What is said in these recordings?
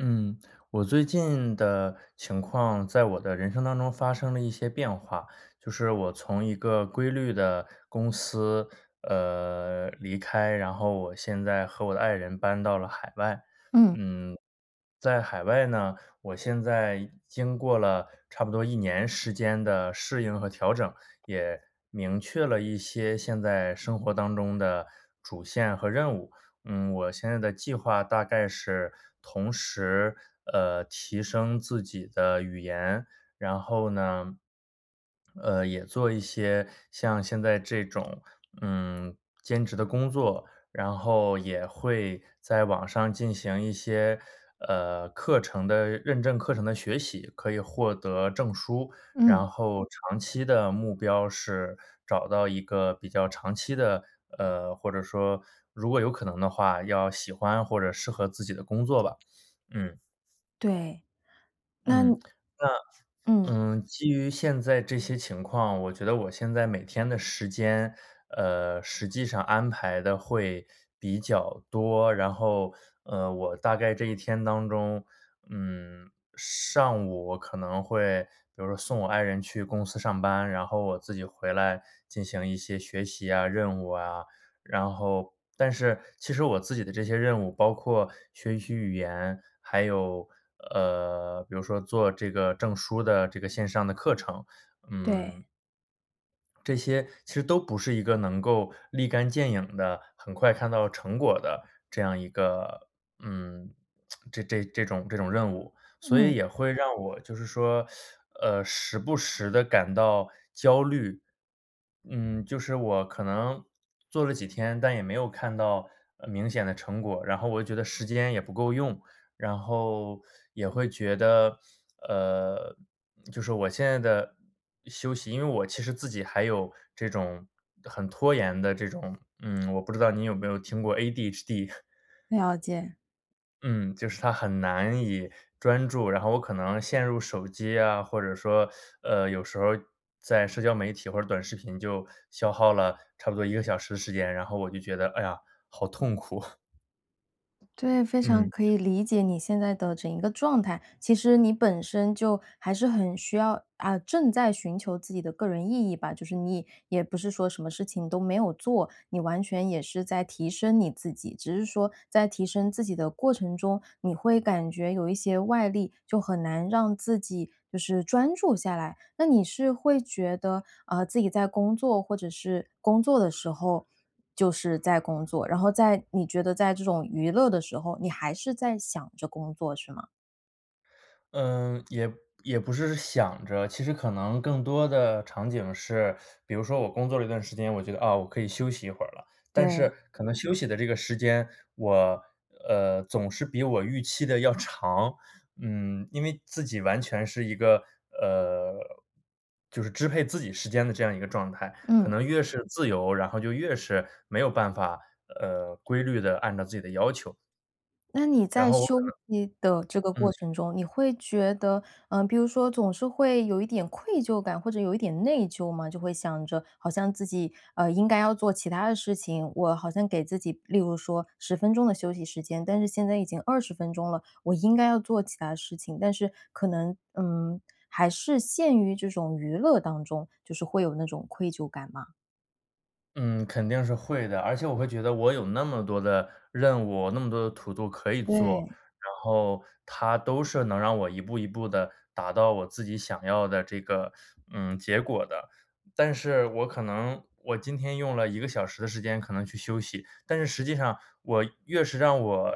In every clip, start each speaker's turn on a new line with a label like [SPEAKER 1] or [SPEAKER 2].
[SPEAKER 1] 嗯，我最近的情况在我的人生当中发生了一些变化，就是我从一个规律的公司，呃，离开，然后我现在和我的爱人搬到了海外。
[SPEAKER 2] 嗯。
[SPEAKER 1] 嗯，在海外呢，我现在经过了差不多1年时间的适应和调整，也明确了一些现在生活当中的主线和任务。嗯，我现在的计划大概是同时，呃，提升自己的语言，然后呢，呃，也做一些像现在这种，嗯，兼职的工作，然后也会在网上进行一些，呃，课程的认证课程的学习，可以获得证书，然
[SPEAKER 2] 嗯。
[SPEAKER 1] 后长期的目标是找到一个比较长期的，呃，或者说如果有可能的话，要喜欢或者适合自己的工作吧。嗯。
[SPEAKER 2] 对，
[SPEAKER 1] 嗯，
[SPEAKER 2] 那
[SPEAKER 1] 那
[SPEAKER 2] 嗯。
[SPEAKER 1] 嗯，基于现在这些情况，我觉得我现在每天的时间，呃，实际上安排得会比较多，然后，呃，我大概这一天当中，嗯，上午我可能会就是送我爱人去公司上班，然后我自己回来进行一些学习啊，任务啊。然后但是其实我自己的这些任务包括学习语言，还有，呃，比如说做这个证书的这个线上的课程，
[SPEAKER 2] 对。
[SPEAKER 1] 嗯。这些其实都不是一个能够立竿见影的、很快看到成果的这样一个，嗯，这这这种任务，所以
[SPEAKER 2] 嗯。
[SPEAKER 1] 也会让我就是说，呃，时不时地感到焦虑。嗯，就是我可能做了几天，但也没有看到明显的成果，然后我觉得时间也不够用，然后也会觉得，呃，就是我现在的休息因为我其实自己还有这种很拖延的这种嗯，我不知道你有没有听过 ADHD。
[SPEAKER 2] 了解。
[SPEAKER 1] 嗯，就是它很难以专注，然后我可能陷入手机啊，或者说，呃，有时候在社交媒体或者短视频就消耗了差不多1个小时时间，然后我就觉得：“哎呀，好痛苦。”
[SPEAKER 2] 对，非常
[SPEAKER 1] 嗯。
[SPEAKER 2] 可以理解你现在的整一个状态。其实你本身就还是很需要啊，正在寻求自己的个人意义吧。就是你也不是说什么事情都没有做，你完全也是在提升你自己。只是说在提升自己的过程中，你会感觉有一些外力，就很难让自己就是专注下来。那你是会觉得，啊，自己在工作或者是工作的时候，就是在工作，然后在你觉得在这种娱乐的时候，你还是在想着工作是吗？
[SPEAKER 1] 呃，也也不是想着，其实可能更多的场景是 比如说我工作了一段时间，我觉得，啊，我可以休息一会儿了。但是
[SPEAKER 2] 对。
[SPEAKER 1] 可能休息的这个时间，我呃，总是比我预期的要长。嗯，因为自己完全是一个呃，就是支配自己时间的这样一个状态，可
[SPEAKER 2] 嗯。
[SPEAKER 1] 能越是自由，然后就越是没有办法，呃，规律地按照自己的要求。
[SPEAKER 2] 那你
[SPEAKER 1] 然
[SPEAKER 2] 在
[SPEAKER 1] 后我可
[SPEAKER 2] 休息的这个
[SPEAKER 1] 能
[SPEAKER 2] 过
[SPEAKER 1] 嗯。
[SPEAKER 2] 程中，你会觉得呃，比如说总是会有一点愧疚感或者有一点内疚吗？就会想着好像自己，呃，应该要做其它的事情，我好像给自己例如说10分钟的休息时间，但是现在已经20分钟了，我应该要做其它的事情。但是可能，嗯，还是陷于这种娱乐当中，就是会有那种愧疚感吗？
[SPEAKER 1] 嗯，肯定是会的，而且我会觉得我有那么多的任务，那么多的 TO-DO 可以做。
[SPEAKER 2] 对。
[SPEAKER 1] 然后它都是能让我一步一步地达到我自己想要的这个，嗯，结果的。但是我可能我今天用了1个小时的时间可能去休息，但是实际上我越是让我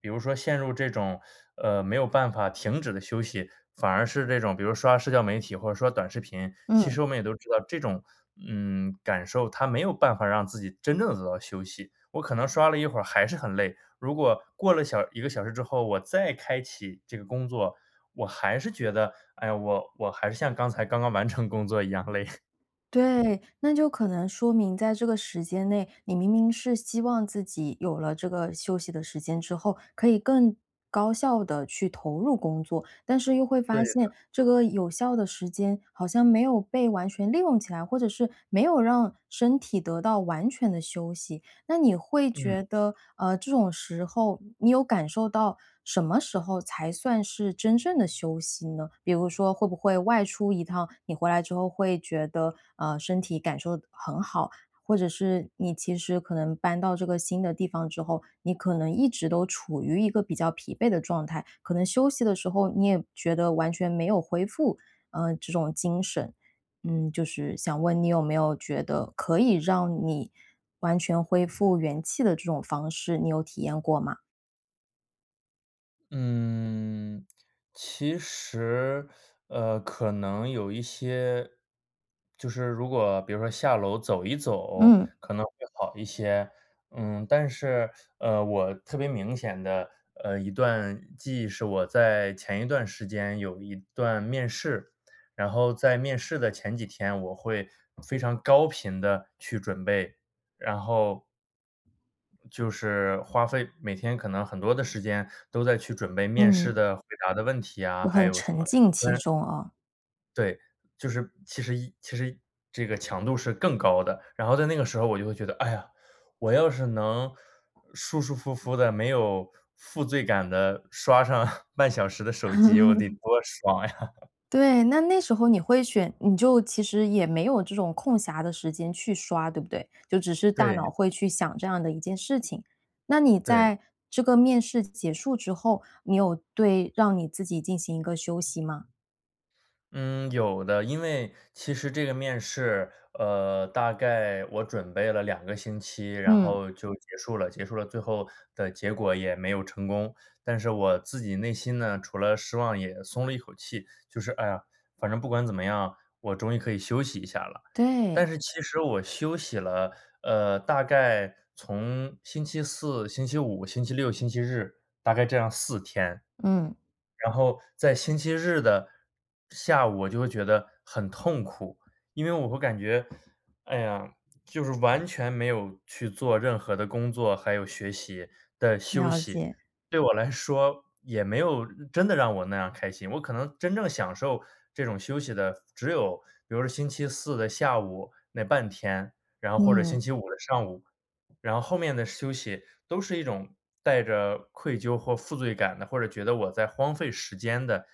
[SPEAKER 1] 比如说陷入这种，呃，没有办法停止的休息，反而是这种比如刷社交媒体或者刷短视频。其实
[SPEAKER 2] 嗯。
[SPEAKER 1] 我们也都知道这种，嗯，感受，它没有办法让自己真正地得到休息。我可能刷了一会儿还是很累，如果过了小1个小时之后，我再开启这个工作，我还是觉得：“哎呀，我我还是像刚才刚刚完成工作一样累。”
[SPEAKER 2] 对。那就可能说明在这个时间内，你明明是希望自己有了这个休息的时间之后，可以更高效地去投入工作。但是又会
[SPEAKER 1] 对
[SPEAKER 2] 发现
[SPEAKER 1] 的。
[SPEAKER 2] 这个有效的时间好像没有被完全利用起来，或者是没有让身体得到完全的休息。那你会
[SPEAKER 1] 嗯。
[SPEAKER 2] 觉得，呃，这种时候你有感受到什么时候才算是真正的休息呢？比如说会不会外出一趟，你回来之后会觉得，啊，身体感受的很好，或者是你其实可能搬到这个新的地方之后，你可能一直都处于一个比较疲惫的状态。可能休息的时候你也觉得完全没有恢复，呃，这种精神。嗯，就是想问你有没有觉得可以让你完全恢复元气的这种方式，你有体验过吗？
[SPEAKER 1] 嗯，其实，呃，可能有一些就是如果比如说下楼走一走
[SPEAKER 2] 嗯。
[SPEAKER 1] 可能会好一些。嗯，但是，呃，我特别明显的，呃，一段记忆是我在前一段时间有一段面试，然后在面试的前几天我会非常高频地去准备，然后，就是花费每天可能很多的时间都在去准备面试
[SPEAKER 2] 嗯。
[SPEAKER 1] 的回答的问题啊，
[SPEAKER 2] 有
[SPEAKER 1] 还
[SPEAKER 2] 很
[SPEAKER 1] 有什么
[SPEAKER 2] 沉浸
[SPEAKER 1] 虽
[SPEAKER 2] 其
[SPEAKER 1] 然
[SPEAKER 2] 中啊。
[SPEAKER 1] 对，就是其实一其实，这个强度是更高的，然后在那个时候我就会觉得：“哎呀，我要是能舒舒服服地没有负罪感地刷上半小时的手机我得多 爽呀。”
[SPEAKER 2] 对，那那时候你会选，你就其实也没有这种空暇的时间去刷，对不对？就只是大
[SPEAKER 1] 对。
[SPEAKER 2] 脑会去想这样的一件事情。那你
[SPEAKER 1] 对。
[SPEAKER 2] 在这个面试结束之后，你有对让你自己进行一个休息吗？
[SPEAKER 1] 嗯，有的。因为其实这个面试，呃，大概我准备了2个星期，然
[SPEAKER 2] 嗯。
[SPEAKER 1] 后就结束了，结束了最后的结果也没有成功。但是我自己内心呢除了失望也松了一口气，就是，“哎呀，反正不管怎么样，我终于可以休息一下了。”但
[SPEAKER 2] 对。
[SPEAKER 1] 是其实我休息了，呃，大概从星期四、星期五、星期六、星期日，大概这样4天，
[SPEAKER 2] 嗯。
[SPEAKER 1] 然后在星期日的下午我就会觉得很痛苦。因为我感觉，哎呀，就是完全没有去做任何的工作，还有学习，的休
[SPEAKER 2] 了
[SPEAKER 1] 息，
[SPEAKER 2] 解。
[SPEAKER 1] 对我来说也没有嗯，真的让我那样开心。我可能真正享受这种休息的只有比如星期四的下午那半天，然后或者星
[SPEAKER 2] 嗯。
[SPEAKER 1] 期五的上午。然后后面的休息都是一种带着愧疚或负罪感的，或者觉得我在荒废时间的，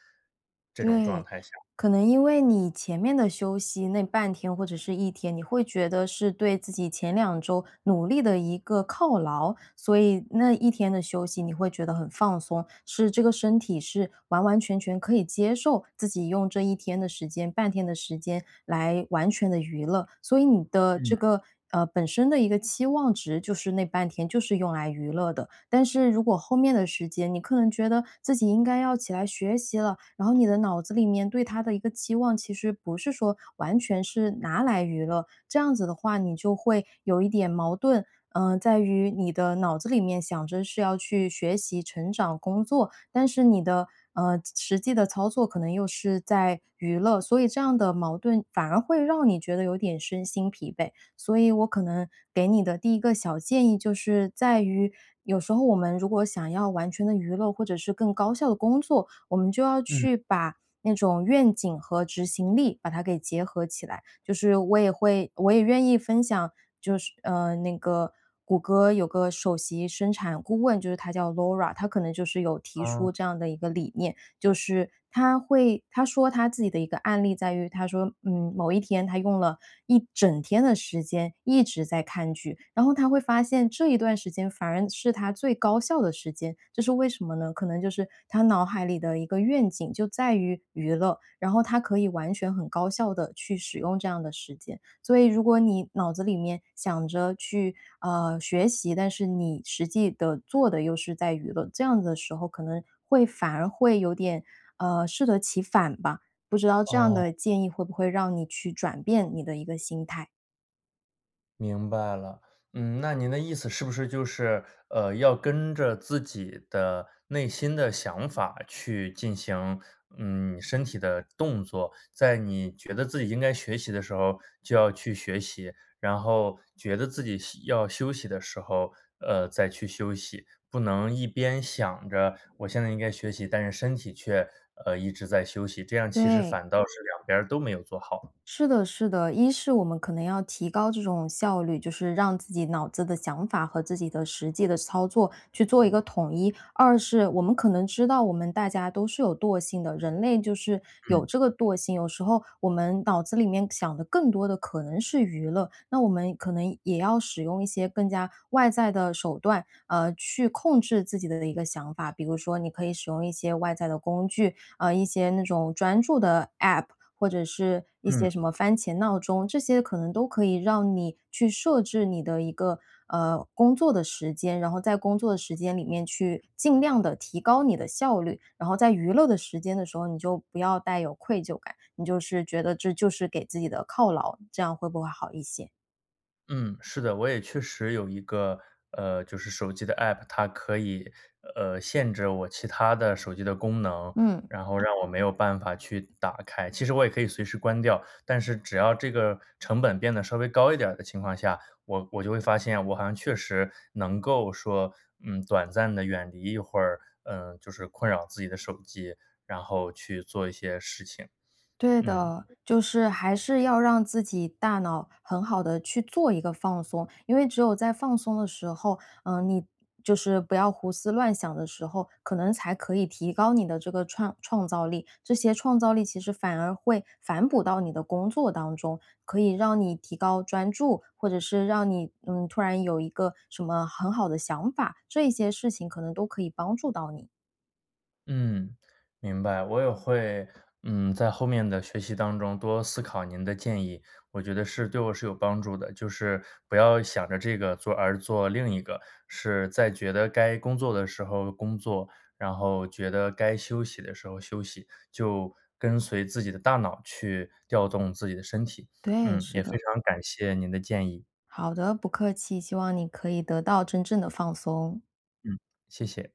[SPEAKER 1] 这种状
[SPEAKER 2] 对，
[SPEAKER 1] 态下。
[SPEAKER 2] 可能因为你前面的休息那半天或者是一天，你会觉得是对自己前2周努力的一个犒劳。所以那一天的休息，你会觉得很放松，是这个身体是完完全全可以接受自己用这一天的时间、半天的时间来完全地娱乐。所以你的
[SPEAKER 1] 嗯。
[SPEAKER 2] 这个，呃，本身的一个期望值就是那半天就是用来娱乐的，但是如果后面的时间你可能觉得自己应该要起来学习了，然后你的脑子里面对它的一个期望其实不是说完全是拿来娱乐。这样子的话，你就会有一点矛盾，呃，在于你的脑子里面想着是要去学习、成长、工作，但是你的，呃，际实际的操作可能又是在娱乐，所以这样的矛盾反而会让你觉得有点身心疲惫。所以我可能给你的第一个小建议就是在于，有时候我们如果想要完全地娱乐或者是更高效地工作，我们就要
[SPEAKER 1] 嗯。
[SPEAKER 2] 去把那种愿景和执行力，把它给结合起来。就是我也会我也愿意分享，就是呃那个谷歌有个首席生产顾问，就是她叫 Laura，她可能就是有提
[SPEAKER 1] 啊。
[SPEAKER 2] 出这样的一个理念，就是她会她说她自己的一个案例在于她说，嗯，某一天她用了一整天的时间一直在看剧，然后她会发现这一段时间反而是她最高效的时间，就是为什么呢？可能就是她脑海里的一个愿景就在于娱乐，然后她可以完全很高效地去使用这样的时间。所以如果你脑子里面想着去，啊，学习，但是你实际地做的又是在娱乐，这样子的时候可能会反而会有点，呃，适得其反吧。不知道这样
[SPEAKER 1] 哦。
[SPEAKER 2] 的建议会不会让你去转变你的一个心态？
[SPEAKER 1] 明白了。嗯，那您的意思是不是就是，呃，要跟着自己的内心的想法去进行，嗯，身体的动作，在你觉得自己应该学习的时候就要去学习，然后觉得自己休要休息的时候，呃，再去休息，不能一边想着我现在应该学习，但是身体却呃，一直在休息，这样其实
[SPEAKER 2] 对。
[SPEAKER 1] 反倒是两边儿都没有做好。
[SPEAKER 2] 是的是的。一是我们可能要提高这种效率，就是让自己脑子的想法和自己的实际的操作去做一个统一。二是我们可能知道我们大家都是有惰性的，人类就是
[SPEAKER 1] 嗯。
[SPEAKER 2] 有这个惰性，有时候我们脑子里面想的更多的可能是娱乐。那我们可能也要使用一些更加外在的手段，呃，去控制自己的一个想法。比如说你可以使用一些外在的工具，呃，一些那种专注的 APP，或者是一
[SPEAKER 1] 嗯。
[SPEAKER 2] 些什么番茄闹钟。这些可能都可以让你去设置你的一个呃，工作的时间，然后在工作的时间里面去尽量地提高你的效率。然后在娱乐的时间的时候，你就不要带有愧疚感，你就是觉得这就是给自己的犒劳。这样会不会好一些？
[SPEAKER 1] 嗯，是的。我也确实有一个，呃，就是手机的 app，它可以，呃，限制我其它的手机的功能，
[SPEAKER 2] 嗯。
[SPEAKER 1] 然后让我没有办法去打开，其实我也可以随时关掉。但是只要这个成本变得稍微高一点儿的情况下，我我就会发现我好像确实能够说，嗯，短暂地远离一会儿，呃，就是困扰自己的手机，然后去做一些事情，
[SPEAKER 2] 对
[SPEAKER 1] 嗯。
[SPEAKER 2] 的，就是还是要让自己大脑很好地去做一个放松。因为只有在放松的时候，呃，你就是不要胡思乱想的时候，可能才可以提高你的这个创创造力，这些创造力其实反而会反哺到你的工作当中，可以让你提高专注，或者是让你，嗯，突然有一个什么很好的想法，这些事情可能都可以帮助到你。
[SPEAKER 1] 嗯，明白。我也会，嗯，在后面的学习当中多思考您的建议，我觉得是对我是有帮助的，就是不要想着这个做而做另一个。是在觉得该工作的时候工作，然后觉得该休息的时候休息，就跟随自己的大脑去调动自己的身体。
[SPEAKER 2] 对，
[SPEAKER 1] 嗯，
[SPEAKER 2] 是
[SPEAKER 1] 也非
[SPEAKER 2] 的。
[SPEAKER 1] 常感谢您的建议。
[SPEAKER 2] 好的，不客气，希望你可以得到真正的放松。
[SPEAKER 1] 嗯，谢谢。